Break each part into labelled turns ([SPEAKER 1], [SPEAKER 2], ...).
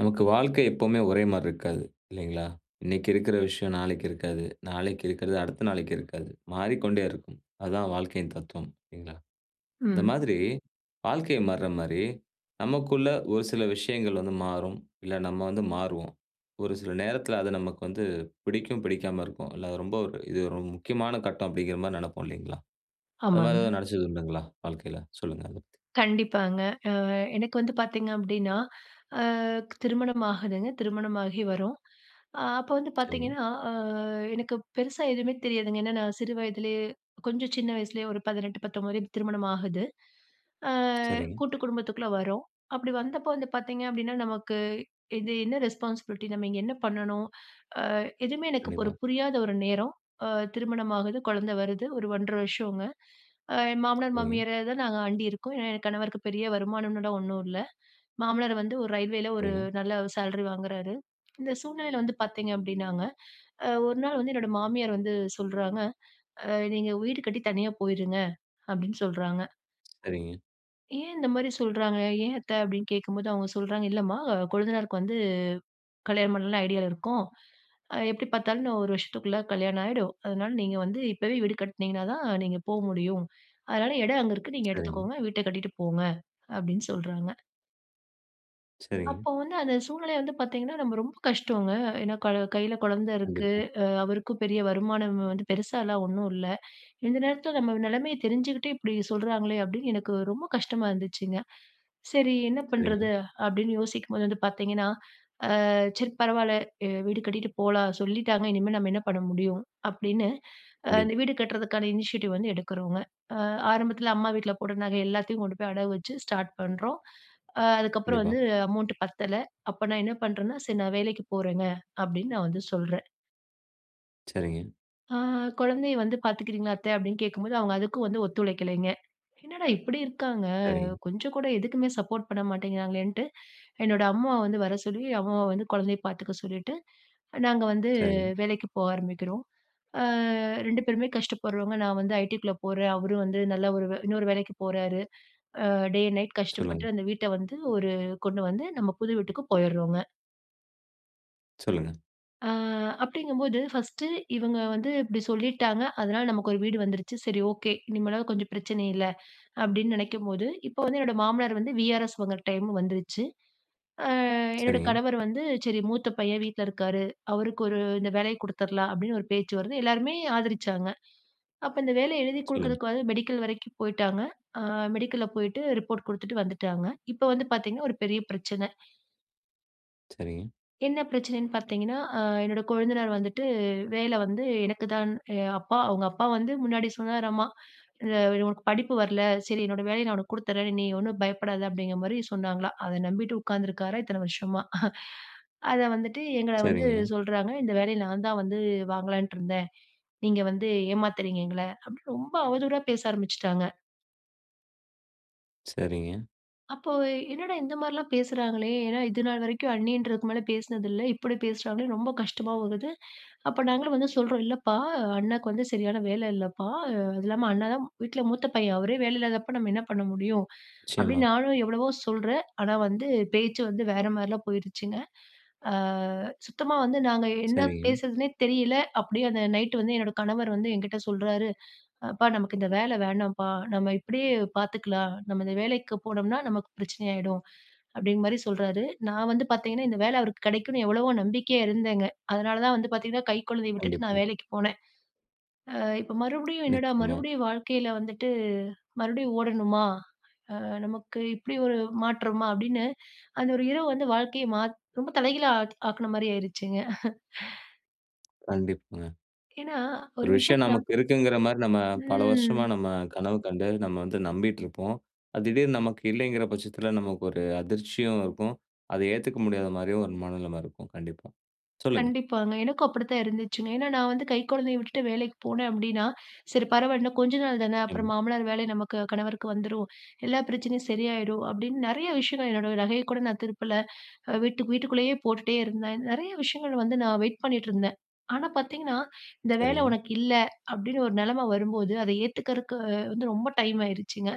[SPEAKER 1] நமக்கு வாழ்க்கை எப்பவுமே ஒரே மாரி இருக்காது, இல்லைங்களா? இன்னைக்கு இருக்குற விஷயம் நாளைக்கு இருக்காது. நாளைக்கு இருக்குறது, அடுத்த நாளைக்கு இருக்காது. மாறிக்கொண்டே இருக்கும். அதுதான் வாழ்க்கையின் தத்துவம் இல்லிங்களா? இந்த
[SPEAKER 2] ம்.
[SPEAKER 1] மாதிரி வாழ்க்கை மாறுறமாரி, நமக்குள்ள ஒரு சில விஷயங்கள் வந்து மாறும். இல்ல நம்ம வந்து மாறுவோம். ஒரு சில நேரத்துல அது நமக்கு வந்து பிடிக்கும், பிடிக்காம இருக்கும். இல்ல அது ரொம்ப ஒரு இது ரொம் முக்கியமான கட்டம் அப்டிங்குற மாரி நெனைப்போம் இல்லிங்களா? அந்த மாரி
[SPEAKER 2] ஆமாங்க.
[SPEAKER 1] ஏதாவது நெனச்சது உண்டுங்களா? வாழ்க்கையில? சொல்லுங்க அத பத்தி.
[SPEAKER 2] கண்டிப்பாங்க. அ எனக்கு வந்து பாத்தீங்க அப்டின்னா, ஆ திருமணம் ஆகுதுங்க. திருமணமாகி வரோம். அ அப்ப வந்து
[SPEAKER 1] சரிங்க.
[SPEAKER 2] பாத்தீங்கன்னா, அ எனக்கு பெருசா எதுவுமே தெரியாதுங்க ஏன்னா நான் சிறு வயதிலயே கொஞ்சம் சின்ன வயசுலயே ஒரு 18-19 இப்டி திருமணம் ஆகுது. ஆ
[SPEAKER 1] சரிங்க.
[SPEAKER 2] கூட்டு குடும்பத்துக்குள்ள வரோம். அப்டி வந்தப்போ வந்து பாத்தீங்கனா அப்டினா, நமக்கு இது என்ன ரெஸ்பான்சிபிலிட்டி? நம்ம இங்க என்ன பண்ணணும்? ஆ எதுவுமே எனக்கு இப்ப ஒரு
[SPEAKER 1] கண்டிப்பா.
[SPEAKER 2] புரியாத 1 நேரம். ஆ திருமணம் ஆகுது, கொழந்த வருது, ஒரு 1 1/2 வருஷோங்க. என் மாமனார்,
[SPEAKER 1] சரிங்க.
[SPEAKER 2] மாமியார தான் நாங்க அண்டியிருக்கோம். ஏன்னா, என் கணவருக்கு பெரிய வருமானம்னுட்டோ ஒண்ணும் இல்ல. மாமனார் வந்து ஒரு ரயில்வேல ஒரு
[SPEAKER 1] சரிங்க.
[SPEAKER 2] நல்ல சேலரி வாங்குறாரு. இந்த சூழ்நிலைல வந்து பாத்தீங்க அப்டினாங்க, அ 1 நாள் வந்து என்னோட மாமியார் வந்து சொல்றாங்க, அ "நீங்க வீடு கட்டி தனியா போயிருங்க" அப்டின்னு சொல்றாங்க.
[SPEAKER 1] சரிங்க.
[SPEAKER 2] ஏன் இந்த மாரி சொல்றாங்க? "ஏன் அத்த?" அப்டின்னு கேக்கும்போது அவுங்க சொல்றாங்க. "இல்லம்மா கொழுந்தனாருக்கு வந்து கல்யாணம் பண்ணலான்னு ஐடியால இருக்கோம். அ, எப்டி பாத்தாலும் இன்னும் 1 வருஷத்துக்குள்ள கல்யாணம் ஆயிடும். அதனால நீங்க வந்து இப்பவே வீடு கட்டுனீங்கனா தான், நீங்க போ முடியும். அதனால, எடம் அங்க இருக்கு. நீங்க
[SPEAKER 1] சரிங்க.
[SPEAKER 2] எடுத்துக்கோங்க. வீட்ட கட்டிட்டு போங்க" அப்படின்னு சொல்றாங்க.
[SPEAKER 1] சரிங்க.
[SPEAKER 2] அப்ப வந்து, அந்த சூழ்நிலைய வந்து பார்த்தீங்கன்னா, நம்ம ரொம்ப கஷ்டோங்க. ஏன்னா கல கைல குழந்தை இருக்கு,
[SPEAKER 1] கண்டிப்பா.
[SPEAKER 2] அ அவருக்கும் பெரிய வருமானம் வந்து பெருசாலாம் ஒண்ணும் இல்ல, "இந்த நேரத்துல நம்ம நிலைமைய தெரிஞ்சுக்கிட்டே, இப்டி சொல்றாங்களே!" அப்டின்னு எனக்கு ரொம்ப கஷ்டமா இருந்துச்சுங்க. சரி என்ன
[SPEAKER 1] சரிங்க.
[SPEAKER 2] பண்றது? அப்படின்னு யோசிக்கும்போது வந்து பாத்தீங்கன்னா, அ "சரி பரவால்ல! எ வீடு கட்டிட்டு போலாம், சொல்லிட்டாங்க இனிமேல் நம்ம என்ன பண்ண முடியும்?" அப்டின்னு
[SPEAKER 1] கண்டிப்
[SPEAKER 2] அந்த வீடு கட்றதுக்கான இனிஷியேட்டிவ் வந்து எடுக்குறோங்க. அ ஆரம்பத்துல அம்மா வீட்ல போட்ட நகை எல்லாத்தையும் கொண்டு போய் அடகு வச்சு ஸ்டார்ட் பண்றோம். அ அதுக்கப்புறம்
[SPEAKER 1] கண்டிப்பா.
[SPEAKER 2] வந்து அமௌண்ட் பத்தல. அப்போ நான் என்ன பண்றேன்னா, "சரி நான் வேலைக்கு போறேங்க" அப்டின்னு நான் வந்து சொல்றேன்.
[SPEAKER 1] சரிங்க.
[SPEAKER 2] அ "குழந்தைய வந்து பாத்துக்குறீங்களா அத்த?" அப்படின்னு கேட்கும்போது, அவுங்க அதுக்கும் வந்து ஒத்துழைக்கலைங்க. என்னடா இப்படி இருக்காங்க!
[SPEAKER 1] சரிங்க.
[SPEAKER 2] கொஞ்சம் கூட எதுக்குமே சப்போர்ட் பண்ண மாட்டேங்கிறாங்களேன்னுட்டு, என்னோட அம்மா வந்து வர சொல்லி, அம்மா வந்து குழந்தைய பாத்துக்க சொல்லிட்டு, நாங்க வந்து
[SPEAKER 1] சரிங்க.
[SPEAKER 2] வேலைக்கு போக ஆரம்பிக்கிறோம். அ 2 பேருமே கஷ்டப்படுறோங்க. நான் வந்து ITக்குள்ள போறேன். அவரும் வந்து நல்ல ஒரு வே இன்னொரு வேலைக்கு போறாரு. அ டே அண்ட் நைட் கஷ்டப்பட்டு,
[SPEAKER 1] சொல்லுங்க.
[SPEAKER 2] அந்த வீட்ட வந்து, ஒரு கொண்டு வந்து, நம்ம புது வீட்டுக்கு போயிர்றோங்க.
[SPEAKER 1] சொல்லுங்க.
[SPEAKER 2] அ அப்டிங்கும்போது, ஃபர்ஸ்ட்டு இவங்க வந்து இப்டி சொல்லிட்டாங்க, அதனால நமக்கு ஒரு வீடு வந்துருச்சு. சரி ஓகே. இனிமேலாவது கொஞ்சம் பிரச்சனை இல்ல. அப்டின்னு நெனைக்கும்போது, இப்ப வந்து என்னோட மாமனார் வந்து வி.ஆர்.எஸ் வாங்குற டைமும் வந்துருச்சு. அ என்னோட
[SPEAKER 1] சரிங்க.
[SPEAKER 2] கணவர் வந்து, "சரி மூத்த பையன் வீட்ல இருக்காரு, அவருக்கு ஒரு இந்த வேலைய குடுத்தரலாம்" அப்டின்னு ஒரு பேச்சு வருது, எல்லாருமே ஆதரிச்சாங்க. அப்ப இந்த வேலைய எழுதி
[SPEAKER 1] சொல்லுங்க.
[SPEAKER 2] குடுக்குறதுக்கு வந்து மெடிக்கல் வரைக்கும் போயிட்டாங்க. அ மெடிக்கல்ல போயிட்டு ரிப்போர்ட் குடுத்துட்டு வந்துட்டாங்க. இப்ப வந்து பாத்தீங்கன்னா ஒரு பெரிய பிரச்சன.
[SPEAKER 1] சரிங்க.
[SPEAKER 2] என்ன பிரச்சனைன்னு பாத்தீங்கன்னா, அ என்னோட கொழுந்தனாரு வந்துட்டு, வேல வந்து எனக்குதான் எ அப்பா அவங்க அப்பா வந்து முன்னாடி சொன்னாராம்மா, அ "உனக்கு படிப்பு வர்ல, சரி என்னோட வேலைய நான் உனக்கு குடுத்துறேன். நீ ஒண்ணும் பயப்டாத" அப்படிங்கற மாரி சொன்னாங்களாம். அத நம்பிட்டு உட்கார்ந்துருக்காராம், இத்தன வருஷமா. அத வந்துட்டு, எங்கள வந்து
[SPEAKER 1] சரிங்க.
[SPEAKER 2] சொல்றாங்க "இந்த வேலைய நான் தான் வந்து வாங்கலாம்னுட்டுருந்தேன். நீங்க வந்து ஏமாத்துறீங்க எங்கள" அப்டின்னு ரொம்ப அவதூறா பேச ஆரம்பிச்சிட்டாங்க.
[SPEAKER 1] சரிங்க.
[SPEAKER 2] அப்போ என்னடா இந்த மாரிலாம் பேசுறாங்களே, ஏன்னா இதுநாள் வரைக்கும் அண்ணின்றதுக்கு மேல பேசுனது இல்ல. இப்டி பேசுறாங்களேன்னு ரொம்ப கஷ்டமா ஆகுது. அப்ப நாங்களும் வந்து சொல்றோம், "இல்லப்பா, அண்ணாக்கு வந்து சரியான வேல இல்லப்பா. அது இல்லாம அண்ணாதான் வீட்ல மூத்த பையன். அவரே வேலையில்லாதப்ப நம்ம என்ன பண்ண முடியும்?"
[SPEAKER 1] நிச்சயமா.
[SPEAKER 2] அப்டின்னு நானும் எவ்வளவோ சொல்றேன், ஆனா வந்து, பேச்சு வந்து வேற மாரிலாம் போயிருச்சுங்க. அ சுத்தமா வந்து நாங்க என்ன
[SPEAKER 1] சரிங்க.
[SPEAKER 2] பேசுறதுன்னே தெரியல! அப்டியே அந்த நைட் வந்து என்னோட கணவர் வந்து என்கிட்ட சொல்றாரு, "அப்பா நமக்கு இந்த வேல வேணாம்ப்பா. நம்ம இப்டியே பாத்துக்கலாம். நம்ம இந்த வேலைக்கு போனோம்ன்னா, நமக்கு பிரச்சனையா ஆயிடும்." அப்டிங்கிற மாரி சொல்றாரு. நான் வந்து பாத்தீங்கன்னா, இந்த வேல அவருக்கு கெடைக்கும்னு எவ்வளவோ நம்பிக்கையா இருந்தேங்க. அதனாலதான் வந்து பாத்தீங்கன்னா, கை குழந்தைய விட்டுட்டு
[SPEAKER 1] கண்டிப்பா.
[SPEAKER 2] நான் வேலைக்கு போனேன். அ "இப்ப மறுபடியும் என்னடா
[SPEAKER 1] நிச்சயமா.
[SPEAKER 2] மறுபடியும் வாழ்க்கைல வந்துட்டு, மறுபடியும் ஓடணுமா? அ நமக்கு இப்டி ஒரு மாற்றமா?" அப்டின்னு அந்த ஒரு இரவு வந்து வாழ்க்கைய மாத் ரொம்ப தலைகீழா ஆக் ஆக்குன மாரி ஆயிருச்சுங்க.
[SPEAKER 1] கண்டிப்பாங்க.
[SPEAKER 2] ஏன்னா,
[SPEAKER 1] ஒரு
[SPEAKER 2] ஒரு
[SPEAKER 1] விஷயம்
[SPEAKER 2] விஷயத்துல
[SPEAKER 1] நமக்கு இருக்கிறது என்கிற மாதிரி நம்ம பல
[SPEAKER 2] ம்
[SPEAKER 1] வருஷமாக, நம்ம கனவு கண்டு, நம்ம வந்து நம்பிக்கொண்டிருப்போம். அது திடீரென்று நமக்கு இல்லை என்கிற பட்சத்தில் நமக்கு ஒரு அதிர்ச்சியும் இருக்கும். அதை ஏற்றுக்கொள்ள முடியாத மாதிரியும் ஒரு மனநிலை இருக்கும் கண்டிப்பாக. சொல்லுங்க.
[SPEAKER 2] கண்டிப்பாங்க. எனக்கும் அப்படிதான் இருந்ததுங்க. ஏன் என்றால், நான் வந்து கை குழந்தையை விட்டுவிட்டு வேலைக்கு போனேன் அப்படி என்றால், சரி பரவாயில்லை இன்னும் கொஞ்ச நாள் தான்! அப்புறம்
[SPEAKER 1] ம்.
[SPEAKER 2] மாமனார் வேலை நமக்கு கணவருக்கு வந்துவிடும். எல்லா பிரச்சனையும் சரியாகிவிடும். அப்படி என்று நிறைய விஷயங்கள் என்னோட நகையை கூட நான் திருப்பவில்லை. அ வீட்டுக்கு வீட்டுக்குள்ளேயே போட்டுக்கொண்டே இருந்தேன். நிறைய விஷயங்கள் வந்து நான் வெயிட் பண்ணிக்கொண்டு இருந்தேன். ஆனா, பார்த்தீங்க என்றால், இந்த வேலை
[SPEAKER 1] சரிங்க.
[SPEAKER 2] உனக்கு இல்லை, அப்படி என்றால் ஒரு நிலைமை வரும்போது அதை ஏற்றுக்கொள்வதற்கு வ வந்து ரொம்ப டைம் ஆகியிருச்சுங்க.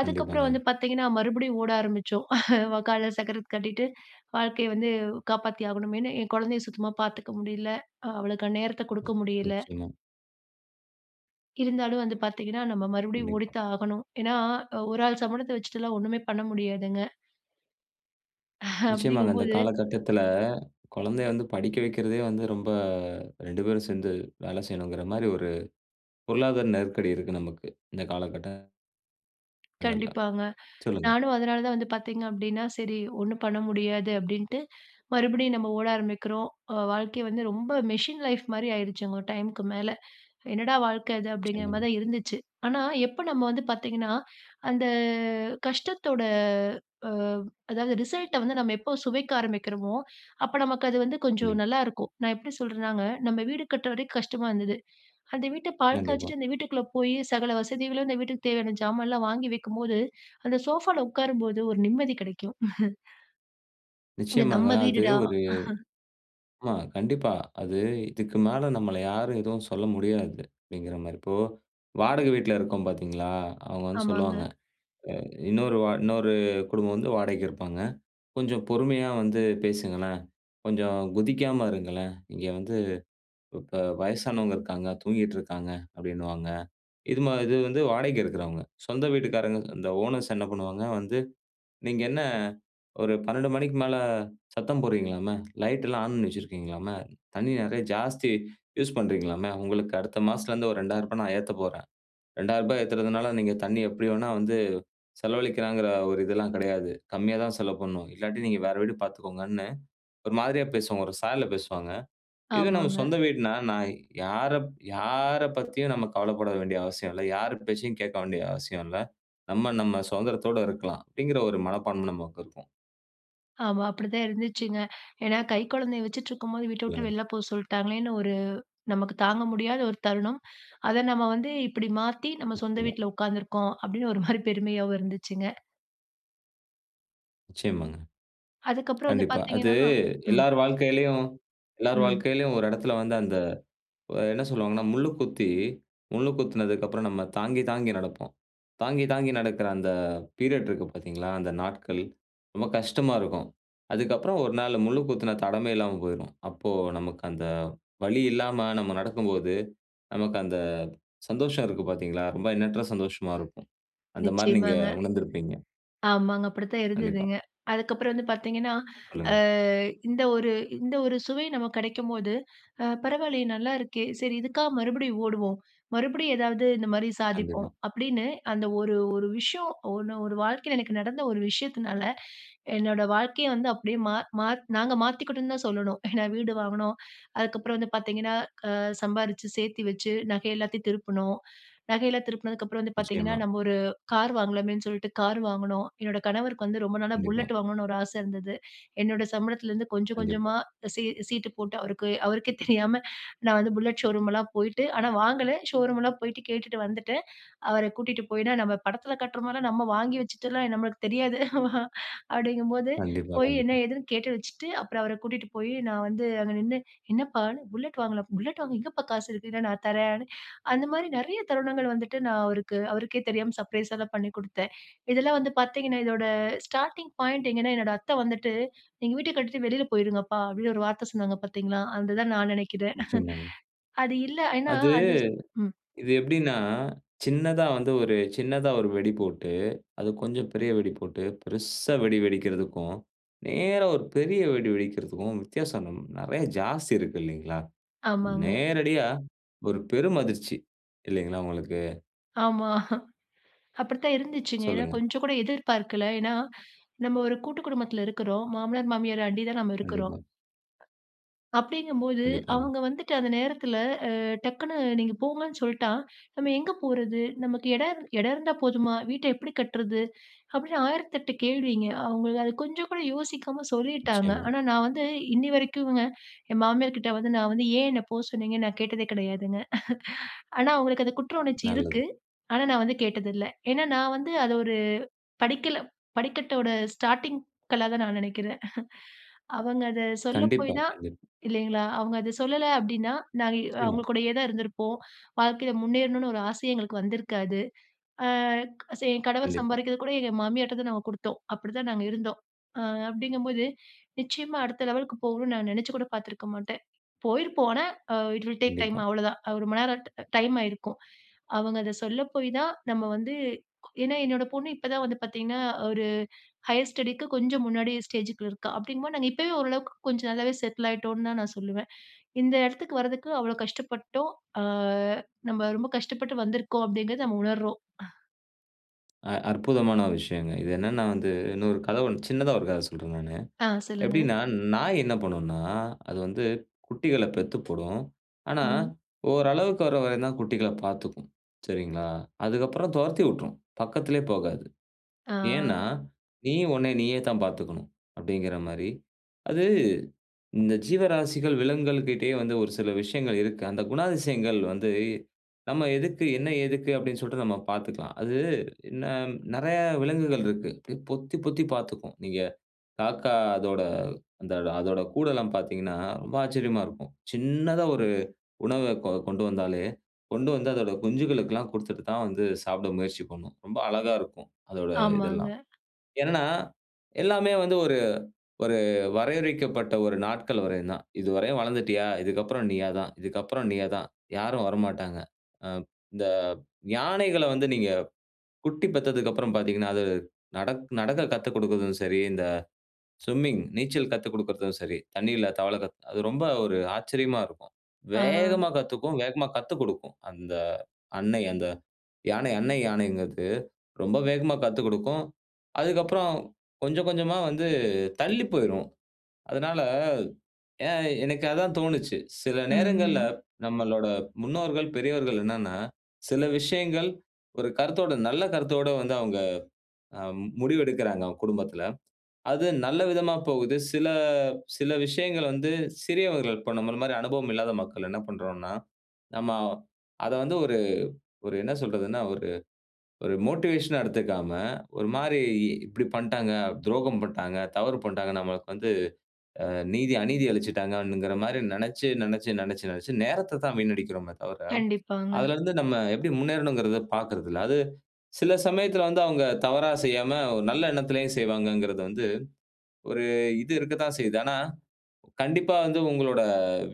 [SPEAKER 2] அதற்கப்புறம்
[SPEAKER 1] கண்டிப்பாங்க.
[SPEAKER 2] வந்து பார்த்தீங்க என்றால், மறுபடியும் ஓட ஆரம்பித்தோம். காலில் சக்கரத்தை கட்டிக்கொண்டு, வாழ்க்கையை வந்து காப்பாற்றி ஆகவேண்டும் என்று, என் குழந்தையை சுத்தமாக பார்த்துக்க முடியல்லை. அவளுக்கு நேரத்தை கொடுக்க முடியல்லை.
[SPEAKER 1] நிச்சயமாக.
[SPEAKER 2] இருந்தாலும் வந்து பார்த்தீங்க என்றால், நம்ம மறுபடியும்
[SPEAKER 1] கண்டிப்பா.
[SPEAKER 2] ஓடித்தான் ஆகவேண்டும். ஏன் என்றால், ஒரு ஆள் சம்பளத்தை வைத்துவிட்டு எல்லாம் ஒன்றுமே பண்ண முடியாதுங்க. அப்படி
[SPEAKER 1] நிச்சயமாங்க. இந்த
[SPEAKER 2] என்கும்போது
[SPEAKER 1] காலகட்டத்தில் குழந்தையை வந்து படிக்க வைக்கிறதே வந்து, ரொம்ப 2 பேரும் சேர்ந்து வேலை செய்யவேண்டும் என்கிற மாதிரி ஒரு பொருளாதார நெருக்கடி இருக்கு நமக்கு. இந்த காலகட்ட
[SPEAKER 2] கண்டிப்பாங்க,
[SPEAKER 1] [unintelligible] சொல்லுங்க.
[SPEAKER 2] நானும் அதனால தான் வந்து பாத்தீங்க அப்டின்னா, “சரி ஒண்ணும் பண்ண முடியாது” அப்டின்ட்டு மறுபடியும் நம்ப ஓட ஆரம்பிக்கிறோம், ஒ வாழ்க்கை வந்து ரொம்ப மெஷின் லைஃப் மாரி ஆயிடுச்சுங்க, ஒரு டைமுக்கு மேல “என்னடா வாழ்க்க இது?” அப்படிங்கிற மாரி
[SPEAKER 1] சொல்லுங்க.
[SPEAKER 2] தான் இருந்துச்சு. ஆனா எப்போ நம்ம வந்து பாத்தீங்கன்னா அந்த கஷ்டத்தோட, அ அதாவது ரிசல்ட்ட வந்து நம்ம எப்போ சுவைக்க ஆரம்பிக்கிறோமோ, அப்ப நமக்கு அது வந்து கொஞ்சம்
[SPEAKER 1] கண்டிப்
[SPEAKER 2] நல்லாருக்கும். நான் எப்டி சொல்றேன்னாங்க, நம்ம வீடு கட்டுற வரைக்கும் கஷ்டமா இருந்தது, அந்த வீட்ட பால்
[SPEAKER 1] கண்டிப்பா.
[SPEAKER 2] காய்ச்சிட்டு அந்த வீட்டுக்குள்ள போயி சகல வசதிகளும் அந்த வீட்டுக்கு தேவையான ஜாமான்லாம் வாங்கி வைக்கும்போது, அந்த சோஃபால உக்காரும்போது ஒரு நிம்மதி கிடைக்கும். இது
[SPEAKER 1] நிச்சயமாங்க.
[SPEAKER 2] நம்ம
[SPEAKER 1] அது
[SPEAKER 2] வீடுடா!
[SPEAKER 1] ஒரு ஆமா கண்டிப்பா அது, "இதுக்கு மேல நம்மள யாரும் எதுவும் சொல்ல முடியாது" அப்டிங்கிற மாரி, இப்போ வாடகை வீட்ல இருக்கோம் பாத்தீங்களா, அவங்க வந்து சொல்லுவாங்க,
[SPEAKER 2] ஆமாங்க.
[SPEAKER 1] அ இன்னொரு வா இன்னொரு குடும்பம் வந்து வாடகைக்கு இருப்பாங்க, "கொஞ்சம் பொறுமையா வந்து பேசுங்களேன், கொஞ்சம் குதிக்காம இருங்களேன், இங்க வந்து இப்ப வயசானவங்க இருக்காங்க, தூங்கிகிட்ருக்காங்க" அப்டின்னுவாங்க, இது மா இது வந்து வாடகைக்கு இருக்கிறவங்க, சொந்த வீட்டுக்காரங்க இந்த ஓனர்ஸ் என்ன பண்ணுவாங்க? வந்து, நீங்க என்ன, ஒரு 12:00 மணிக்கு மேல சத்தம் போடுறீங்களாமே, லைட் எல்லாம் ஆன் பண்ணி வச்சிருக்கீங்களாமே, தண்ணி நிறைய ஜாஸ்தி யூஸ் பண்றீங்களாமே, உங்களுக்கு அடுத்த மாசத்துலருந்து ஒரு ரூ. 2000 நான் ஏத்த போறேன், ரூ. 2000 ஏத்துறதுனால, நீங்க தண்ணீ எப்டி வேணா வந்து செலவலிக்கலாங்கிற ஒரு இதெல்லாம் கிடையாது, கம்மியா தான் செலவு பண்ணணும், இல்லாட்டி நீங்க வேற வீடு பாத்துக்கோங்கன்னு ஒரு மாதிரியா பேசுவாங்க, ஒரு சாயல்ல பேசுவாங்க. இதுவே நம்ம
[SPEAKER 2] ஆமாங்க.
[SPEAKER 1] சொந்த வீடுன்னா, நான் யாரப் யார பத்தியும் நம்ம கவலப்பட வேண்டிய அவசியம் இல்ல, யார் பேச்சையும் கேக்க வேண்டிய அவசியம் இல்ல, நம்ம நம்ம சுதந்திரத்தோட இருக்கலாம், அப்டிங்குற ஒரு மனப்பான்மை நமக்கு இருக்கும்.
[SPEAKER 2] ஆமா. அப்படிதான் இருந்துச்சுங்க. ஏன்னா, கை கொழந்தய வச்சுட்ருக்கும்போது வீட்ட விட்டு
[SPEAKER 1] இல்லங்க.
[SPEAKER 2] வெளில போ சொல்ட்டாங்களேன்னு ஒரு நமக்கு தாங்க முடியாத ஒரு தருணம். அத நம்ம வந்து, இப்டி மாத்தி "நம்ம சொந்த
[SPEAKER 1] நிச்சயமா.
[SPEAKER 2] வீட்ல உட்காந்துருக்கோம்". அப்டின்னு ஒரு மாரி பெருமையாவும் இருந்துச்சுங்க.
[SPEAKER 1] நிச்சயமாங்க,
[SPEAKER 2] அதுக்கு அப்புறம் வந்து,
[SPEAKER 1] கண்டிப்பா. அது,
[SPEAKER 2] பாத்தீங்கன்னா, ஆ, ம்.
[SPEAKER 1] எல்லார் வாழ்க்கையிலேயும் எல்லார்
[SPEAKER 2] ம்.
[SPEAKER 1] வாழ்க்கையிலேயும், ஒரு இடத்தில வந்து அந்த, வ என்ன சொல்லுவாங்கன்னா, முள்ளு குத்தி, முள்ளு குத்துனதுக்கு அப்புறம் நம்ம தாங்கி தாங்கி நடப்போம். தாங்கி தாங்கி நடக்கிற அந்த பீரியட் இருக்கு பாத்தீங்களா, அந்த நாட்கள், ரொம்ப கஷ்டமா இருக்கும். அதுக்கப்புறம், ஒரு நாள் முள்ளு குத்துன தடமே இல்லாம போயிடும். அப்போ, நமக்கு அந்த வழி இல்லாம, நம்ம நடக்கும்போது, நமக்கு அந்த சந்தோஷம் இருக்கு பாத்தீங்களா, ரொம்ப எண்ணற்ற சந்தோஷமா இருக்கும். அந்த மாரி நீங்க
[SPEAKER 2] நிச்சயமாங்க,
[SPEAKER 1] உணர்ந்திருப்பீங்க.
[SPEAKER 2] ஆமாங்க. அப்படித்தான்
[SPEAKER 1] கண்டிப்பா.
[SPEAKER 2] இருந்ததுங்க. அதுக்கப்புறம் வந்து பாத்தீங்கன்னா, அ
[SPEAKER 1] சொல்லுங்க.
[SPEAKER 2] இந்த ஒரு இந்த ஒரு சுவை நமக்கு கிடைக்கம்போது, அ, பரவால்லையே, நல்லாருக்கே. செரி, இதுக்காக மறுபடியும் ஓடுவோம். மறுபடியும் ஏதாவது இந்த மாரி சாதிப்போம்.
[SPEAKER 1] கண்டிப்பா.
[SPEAKER 2] அப்டின்னு அந்த ஒரு ஒரு விஷயோம், ஒண்ணு ஒரு வாழ்க்கையில எனக்கு நடந்த ஒரு விஷயத்துனால, என்னோட வாழ்க்கையே வந்து, அப்டியே மா மா நாங்க மாத்திகிட்டோம்னு தான் சொல்லணும். ஏன்னா, வீடு வாங்குனோம். அதுக்கப்புறம் வந்து பாத்தீங்கன்னா, அ, சம்பாரிச்சு சேர்த்து வச்சு, நகை எல்லாத்தையும் திருப்பினோம். நகையெல்லாம் திருப்பினதுக்கு அப்புறம் வந்து பாத்தீங்கன்னா,
[SPEAKER 1] நிச்சயமா.
[SPEAKER 2] நம்ம ஒரு கார் வாங்கலாமேன்னு சொல்லிட்டு, கார் வாங்குனோம். என்னோட கணவருக்கு வந்து ரொம்ப நாளா,
[SPEAKER 1] கண்டிப்பா.
[SPEAKER 2] புல்லெட் வாங்கணும்னு ஒரு ஆசை இருந்தது. என்னோட சம்பளத்திலேந்து கொஞ்ஜோ,
[SPEAKER 1] கண்டிப்பா.
[SPEAKER 2] கொஞ்ஜமா சீ சீட்டு போட்டு அவருக்கு அவருக்கே தெரியாம, நான் வந்து புல்லட் ஷோரூம்லாம் போய்ட்டு ஆனா வாங்கல. ஷோரூம்லாம் போய்ட்டு, கேட்டுட்டு வந்துட்டேன். அவர கூட்டிட்டு போய்னா நம்ம படத்தில காட்ற மாரிலாம், நம்ம வாங்கி வச்சுட்டுலாம் நம்மளுக்கு தெரியாது. அப்படிங்கும்போது
[SPEAKER 1] கண்டிப்பா,
[SPEAKER 2] போய் என்ன?
[SPEAKER 1] கண்டிப்பா.
[SPEAKER 2] ஏதுன்னு கேட்டு வச்சுட்டு, அப்புறம் அவர கூட்டிட்டு போயி, நான் வந்து அங்க நின்னு, என்னப்பா! புல்லட் வாங்கலாம். புல்லட் வாங்க எங்கப்பா காசு இருக்கு? இல்ல, நான் தர்றேன். அந்த மாரி நெறைய தருணங்கள் வந்துட்டு, நான் அவருக்கு அவருக்கே தெரியாம சர்ப்ரைஸா தான் பண்ணி கொடுத்தேன். இதெல்லாம் வந்து பாத்தீங்கன்னா, இதோட ஸ்டார்ட்டிங் பாயிண்ட் எங்கனா, என்னோட அத்த வந்துட்டு, "நீங்க வீட்ட கட்டிட்டு வெளில போய்டுங்கப்பா" அப்டின்னு, ஒரு வார்த்த சொன்னாங்க பாத்தீங்களா? அது தான் நான் நினைக்கிறேன்.
[SPEAKER 1] நிச்சயமாங்க.
[SPEAKER 2] அது இல்ல. ஏன்னா,
[SPEAKER 1] அது
[SPEAKER 2] அது ம்.
[SPEAKER 1] இது எப்டினா, சின்னதா வந்து ஒரு சின்னதா ஒரு வெடி போட்டு, அது கொஞ்சம் பெரிய வெடி போட்டு, பெருசா வெடி வெடிக்கறதுக்கும். நேரா ஒரு பெரிய வெடி வெடிக்கறதுக்கும், வித்தியாசம் நம் நெறையா, ஜாஸ்தி இருக்கு இல்லைங்களா?
[SPEAKER 2] ஆமாங்க.
[SPEAKER 1] நேரடியா, ஒரு பெரும் அதிர்ச்சி இல்லைங்களா? உங்களுக்கு.
[SPEAKER 2] ஆமா, அப்படித்தான் இருந்துச்சுங்க. ஏன்னா,
[SPEAKER 1] சொல்லுங்க.
[SPEAKER 2] கொஞ்சம் கூட எதிர்பார்க்கல. ஏன்னா, நம்ப ஒரு கூட்டு குடும்பத்துல இருக்குறோம். மாமனார், மாமியார அண்டி தான் நாம இருக்குறோம்.
[SPEAKER 1] கண்டிப்பா.
[SPEAKER 2] அப்டீங்கும்போது
[SPEAKER 1] கண்டிப்பாங்க.
[SPEAKER 2] அவங்க வந்துட்டு, அந்த நேரத்துல அ டக்குனு "நீங்க போங்கன்னு சொல்லிட்டா, நம்ப எங்கே போறது? நமக்கு இடம் இரு இடம் இருந்தா போதுமா? வீட்ட எப்படி கட்டுறது?" அப்பிடீன்னு ஆயிரத்து எட்டு கேள்விங்க. அவுங்கள் அது கொஞ்சம் கூட யோசிக்காம சொல்லிட்டாங்க.
[SPEAKER 1] நிச்சயமா.
[SPEAKER 2] ஆனா, நான் வந்து இன்னி வரைக்கும்ங்க, என் மாமியார்க்கிட்ட வந்து நான் வந்து, ஏன் என்னை போக சொன்னீங்கன்னு, நான் கேட்டதே கிடையாதுங்க. ஆனா, அவங்களுக்கு அந்த குற்ற உணர்ச்சி
[SPEAKER 1] நல்லது.
[SPEAKER 2] இருக்கு. ஆனா, நான் வந்து கேட்டதுல்ல. ஏன்னா, நான் வந்து அத ஒரு படிக்கல்லா படிக்கட்டோட ஸ்டார்ட்டிங் கல்லாதான் நான் நெனைக்குறேன். அவங்க அத சொல்ல போய்
[SPEAKER 1] கண்டிப்பா,
[SPEAKER 2] தான்,
[SPEAKER 1] கண்டிப்பா.
[SPEAKER 2] இல்லங்களா அவங்க அத சொல்லல, அப்பிடீன்னா, நாங்க
[SPEAKER 1] நிச்சயமா.
[SPEAKER 2] அவங்க கூடயே தான் இருந்துருப்போம். வாழ்க்கையில முன்னேறணும்னு ஒரு ஆசையே எங்களுக்கு வந்திருக்காது. அ என் கணவர்
[SPEAKER 1] கண்டிப்பா.
[SPEAKER 2] சம்பாரிக்குறது கூட எங்க மாமியார்ட்ட தான் நாங்க குடுத்தோம். அப்டிதான் நாங்க இருந்தோம். அ அப்பிடீங்கம்போது நிச்சயமா, அடுத்த லெவலுக்கு போகணும்னு நான் நினைச்சி கூட பாத்துருக்க மாட்டேன். போயிருப்போம் ஆனா, இட் வில் டேக் டைம்
[SPEAKER 1] கண்டிப்பா.
[SPEAKER 2] அவ்ளோதான். அ ரொம்பநேரம் ட டைம் ஆயிருக்கும். அவுங்க அத சொல்ல போய் தான், நம்ப வந்து ஏன்னா, என்னோட பொண்ணு இப்ப தான் வந்து பாத்தீங்கன்னா, ஒரு ஹையர் ஸ்டடிக்கு கொஞ்சம் முன்னாடி ஸ்டேஜுக்குள்ள இருக்கா. அப்டிங்கும்போது, நாங்க இப்போவே, ஓரளவுக்கு கொஞ்சம் நல்லாவே செட்டில் ஆயிட்டோம்னு தான் நான் சொல்லுவேன். இந்த இடத்துக்கு வரதுக்கு அவ்ளோ கஷ்டப்பட்டோம். அ நம்ப ரொம்ப கஷ்டப்பட்டு வந்துருக்கோம். அப்பிடீங்கிறத நம்ம உணர்றோம்.
[SPEAKER 1] அ அற்புதமான ஒரு விஷயங்க. இது என்னன்னா வந்து இன்னொரு கதை ஒண்ணு சின்னதா ஒரு கதை சொல்றேன் நானு.
[SPEAKER 2] ஆ சொல்லுங்க.
[SPEAKER 1] எப்படின்னா, நாய் என்ன பண்ணும்னா, அது வந்து குட்டிகள பெத்து போடும். ஆனா,
[SPEAKER 2] ம்.
[SPEAKER 1] ஓரளவுக்கு வர வரைத்தான் குட்டிகள பார்த்துக்கும், சரிங்களா? அதுக்கப்புறம் தொரத்தி விட்ரும். பக்கத்திலயே போகாது.
[SPEAKER 2] ஆ.
[SPEAKER 1] ஏன்னா, நீ உன்ன நீயேதான் பார்த்துக்கணும் அப்படிங்கிற மாதிரி. அது இந்த ஜீவராசிகள், விலங்குகள் கிட்டயே வந்து ஒரு சில விஷயங்கள் இருக்கு. அந்த குணாதிசயங்கள் வந்து நம்ம எதுக்கு, என்ன, எதுக்கு அப்படின்னு சொல்லிட்டு நம்ம பார்த்துக்கலாம். அது ந நெறைய விலங்குகள் இருக்கு. அப்படி பொத்தி பொத்தி பார்த்துக்கும். நீங்க காக்கா அதோட அந்தொட அதோட கூடெல்லாம் பார்த்தீங்கன்னா ரொம்ப ஆச்சரியமா இருக்கும். சின்னதா ஒரு உணவ கொ கொண்டு வந்தாலே, கொண்டு வந்து அதோட குஞ்சுகளுக்கெல்லாம் குடுத்துட்டுத்தான் வந்து சாப்பிட முயற்சி பண்ணும். ரொம்ப அழகா இருக்கும் அதோட
[SPEAKER 2] ஆமாங்க.
[SPEAKER 1] இதெல்லாம். என்னன்னா, எல்லாமே வந்து ஒரு ஒரு வரையறுக்கப்பட்ட ஒரு நாட்கள் வரையும்தான். இதுவரையும் வளர்ந்துட்டியா? இதுக்கு அப்புறம் நீயாதான். இதுக்கு அப்புறம் நீயாதான். யாரும் வரமாட்டாங்க. ஆ இந்த யானைகள வந்து நீங்க குட்டி பெத்ததுக்கப்புறம் பார்த்தீங்கன்னா, அது நடக் நடக்க கத்துக்குடுக்கறதும் சரி, இந்த ஸ்விம்மிங் நீச்சல் கத்துக்குடுக்குறதும் சரி, தண்ணீல தவள கத்து அது ரொம்ப ஒரு ஆச்சரியமா இருக்கும்.
[SPEAKER 2] ஆ.
[SPEAKER 1] வேகமா கத்துக்கும், வேகமா கத்துக்குடுக்கும். அந்த அன்னை, அந்த யானை அன்னை யானைங்கிறது ரொம்ப வேகமா கத்துக்குடுக்கும். அதுக்கு அப்புறம் கொஞ்சம் கொஞ்சமா வந்து தள்ளி போயிரும். அதனால ஏ எனக்கு அதான் தோணுச்சு. சில நேரங்கள்ல
[SPEAKER 2] ம்.
[SPEAKER 1] நம்மளோட முன்னோர்கள், பெரியவர்கள் என்னன்னா, சில விஷயங்கள் ஒரு கருத்தோடு, நல்ல கருத்தோடு வந்து அவங்க முடிவெடுக்கிறாங்க அவங்க குடும்பத்தில. அது நல்ல விதமா போகுது. சில, சில விஷயங்கள் வந்து சிறியவர்கள் பண்ணும்போது, நம்ம மாதிரி அனுபவம் இல்லாத மக்கள் என்ன பண்றோம்னா, நம்ம அத வந்து ஒரு ஒரு என்ன சொல்றதுனா, ஒரு ஒரு மோட்டிவேஷன்னா எடுத்துக்காம, ஒரு மாதிரி இப்படி பண்ணிட்டாங்க, துரோகம் பண்ணிட்டாங்க, தவறு பண்ணிட்டாங்க, நமக்கு வந்து நீதி அநீதி இழைச்சிட்டாங்க அப்படிங்கிற மாதிரி நெனச்சு நெனச்சு நெனச்சு நெனச்சு நேரத்தத்தான் வீணடிக்கிறோமே தவிர,
[SPEAKER 2] கண்டிப்பாங்க.
[SPEAKER 1] அதில இருந்து நம்ம எப்படி முன்னேறணுங்கிறத பார்க்குறதில்ல. அது சில சமயத்துல வந்து அவங்க தவறா செய்யாம, ஒரு நல்ல எண்ணத்திலே செய்வாங்கங்கிறது வந்து ஒரு இது இருக்கத்தான் செய்யுது. ஆனா, கண்டிப்பா வந்து உங்களோட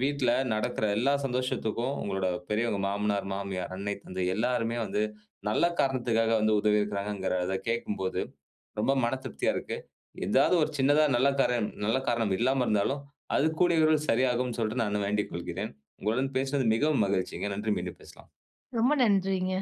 [SPEAKER 1] வீட்ல நடக்கிற எல்லா சந்தோஷத்துக்கும் உங்களோட பெரியவங்க, மாமனார், மாமியார், அன்னை, தந்தை எல்லோருமே வந்து நல்ல காரணத்துக்காக வந்து உதவி இருக்கிறாங்கங்கிறத கேட்கும்போது ரொம்ப மனதிருப்தியா இருக்கு. எதாவது ஒரு சின்னதா நல்ல காரணம் நல்ல காரணம் இல்லாம இருந்தாலும், அது கூடிய விரைவில் சரியாகும்னு சொல்லிட்டு நானு வேண்டிக் கொள்கிறேன். உங்களுடன் பேசினது மிகவும் மகிழ்ச்சிங்க. நன்றி! மீண்டும் பேசலாம்.
[SPEAKER 2] ரொம்ப நன்றிங்க.